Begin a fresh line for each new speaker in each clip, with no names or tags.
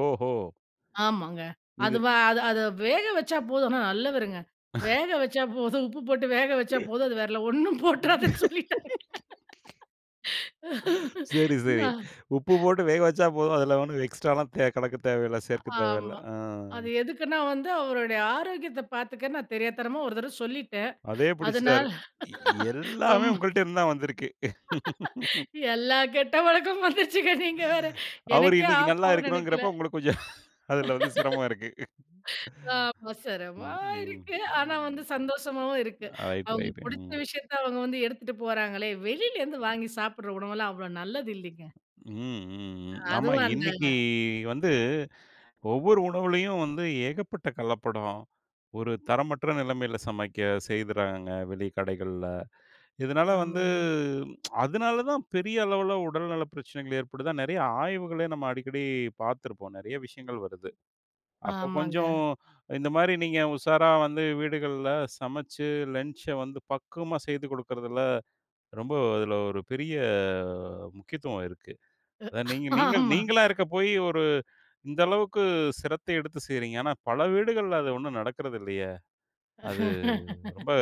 ஓஹோ!
ஆமாங்க.
இது
அது வ அத அத வேக வச்சா போதும். ஆனா, நல்லவருங்க. வேக வச்சா போதும். உப்பு போட்டு வேக வச்சா போதும் அது வேறலாம் ஒண்ணும் போட்றாதன்னு சொல்லிட்டாங்க.
சரி சரி.
நான்
உப்பு போட்டு வேக வச்சா போதும், அதில ஒண்ணும் எக்ஸ்ட்ராலாம் தே கலக்க தேவையில்ல
அ
சேர்க்க தேவையில்ல
ஆமா.
ம்.
அது எதுக்குன்னா வந்து, அவருடைய ஆரோக்கியத்தை பாத்துக்க, நான் தெரியாத்தனமா ஒரு தரவ சொல்லிட்டேன்
அதே
அதுனால,
பிடிச்சுட்டாரு. இ எல்லாமே
ரொம்ப
உங்கள்ட்டருந்து தான் வந்திருக்கு.
எல்லா கெட்ட பழக்கமும் வந்துருச்சிங்க நீங்க வேற!
அவரு
எனக்கே
இன்னைக்கு
ஆப்பு
நல்லா
ஆகும்ன்னு நெனைக்கல!
இருக்கணும்ங்கிறப்ப உங்களுக்கு கொஞ்சம், அதுல வந்து சிரமம் இருக்கு.
அவசரமா
ம். ம்.
இருக்கு, ஆனா வந்து சந்தோஷமாவும் இருக்கு.
அ ரைட்டு
அவுங்க
ரைட்டுங்க
பிடித்த
ம்.
விஷயத்த அவுங்க வந்து எடுத்துட்டு போறாங்களே, வெளிலேருந்து வாங்கி சாப்பிடுற உணவெல்லாம் அவ்வளோ நல்லது இல்லைங்க.
ம். ம். ம். ஆமா
அதுவும் அந்த
இன்னைக்கு வந்து, ஒவ்வொரு உணவுலயும் வந்து ஏகப்பட்ட கலப்படம். ஒரு தரமற்ற நிலமையில சமைக்க செய்கிறாங்க வெளிக் கடைகள்ல. இதனால வந்து
ஆமாங்க.
அதனால தான் பெரிய அளவில உடல் நல பிரச்சனைகள் ஏற்படுது. நெறையா ஆய்வுகளே நம்ம அடிக்கடி பாத்திருப்போம். நெறைய விஷயங்கள் வருது அப்போ
ஆமாங்க.
கொஞ்சம், இந்த மாரி நீங்க உஷாரா வந்து வீடுகள் சமைச்சு லன்ச்ச வந்து பக்குவமா செய்து கொடுக்குறதுல, ரொம்ப அதில ஒரு பெரிய முக்கியத்துவம் இருக்கு.
அ
அதாவது நீங்க
ஹ்
நீங்கள்
ஆமா.
நீங்களா இருக்கப்போயி ஒரு, இந்த அளவுக்கு சிரத்த எடுத்து செய்றீங்க. ஆனா, பல வீடுகள்ல அது ஒண்ணும் நடக்கிறதில்லையே! அது ரொம்ப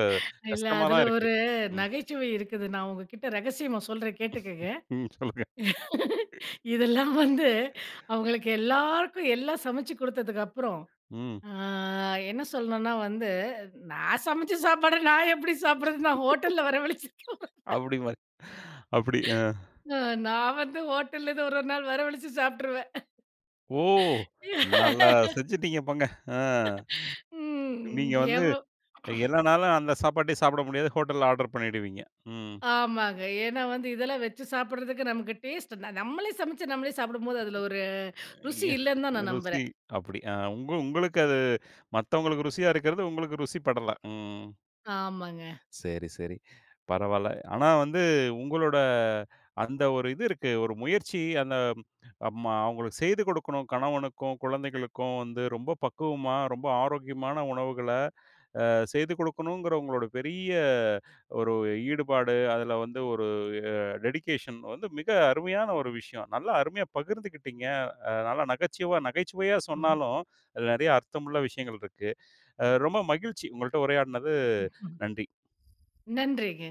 இல்ல
கஷ்டமா
அதில
தான் இருக்கு.
ஒரு,
ம்.
நகைச்சுவை இருக்குது. நான் உங்ககிட்ட ரகசியமா சொல்றேன் கேட்டுக்கங்க.
ம் சொல்லுங்க.
இதெல்லாம் வந்து அவுங்களுக்கு எல்லாருக்கும், எல்லாம் சமைச்சு கொடுத்ததுக்கு அப்புறம்,
ம்.
ஆ என்ன சொல்லணும்ன்னா வந்து, நான் சமைச்ச சாப்பாடு நான் எப்படி சாப்பிடுறதுன்னு நான் ஹோட்டல்ல வரவழச்சு.
அப்படி மாரி, அப்படி அ.
அ நான் வந்து ஹோட்டல்லருந்து ஒரு ஒரு நாள் வரவழச்சி சாப்ட்டுருவேன்.
ஓ! நல்லா செஞ்சுட்டீங்க போங்க. அ
ம்,
நீங்க வந்து
கேவலம்.
எல்லா நாளும் அந்த சாப்பாட்டையே சாப்பிட முடியாது, ஹோட்டல்ல ஆடர் பண்ணீடுவீங்க, ம்.
ஆமாங்க. ஏன்னா வந்து, இதெல்லாம் வச்சு சாப்பிடறதுக்கு நமக்கு டேஸ்ட்டு, நம்மளே சமைச்சி நம்மளே சாப்பிடும்போது, அதில ஒரு
அ
ருசி
எ
இல்லன்னு தான்
ஹ்
நான்
ருசி,
நம்புறேன்.
அப்படி. உங்க உங்களுக்கு அது, மத்தவங்களுக்கு ருசியா இருக்கிறது உங்களுக்கு ருசி படல, ம்.
ஆமாங்க.
சரி, சரி பரவால்ல. ஆனா வந்து, உங்களோட அந்த ஒரு இது இருக்கு ஒரு முயற்சி, அந்த ம் அப்றமா அவங்களுக்கு செய்து கொடுக்கணும், கணவனுக்கும், குழந்தைகளுக்கும் வந்து ரொம்ப பக்குவமா ரொம்ப ஆரோக்கியமான உணவுகள அ செய்து குடுக்கணும்ங்கிற உங்களுடைய பெரிய ஒரு ஈடுபாடு, அதில வந்து ஒரு அ டெடிகேஷன் வந்து மிக அருமையான ஒரு விஷயம் நல்லா அருமையா பகிர்ந்துக்கிட்டீங்க. அ நல்லா நகச்சுவ நகைச்சுவையா
ம்.
சொன்னாலும் அதில நெறைய அர்த்தமுள்ள விஷயங்கள் இருக்கு. அ ரொம்ப மகிழ்ச்சி உங்கள்ட்ட உரையாடினது, நன்றி.
நன்றிங்க.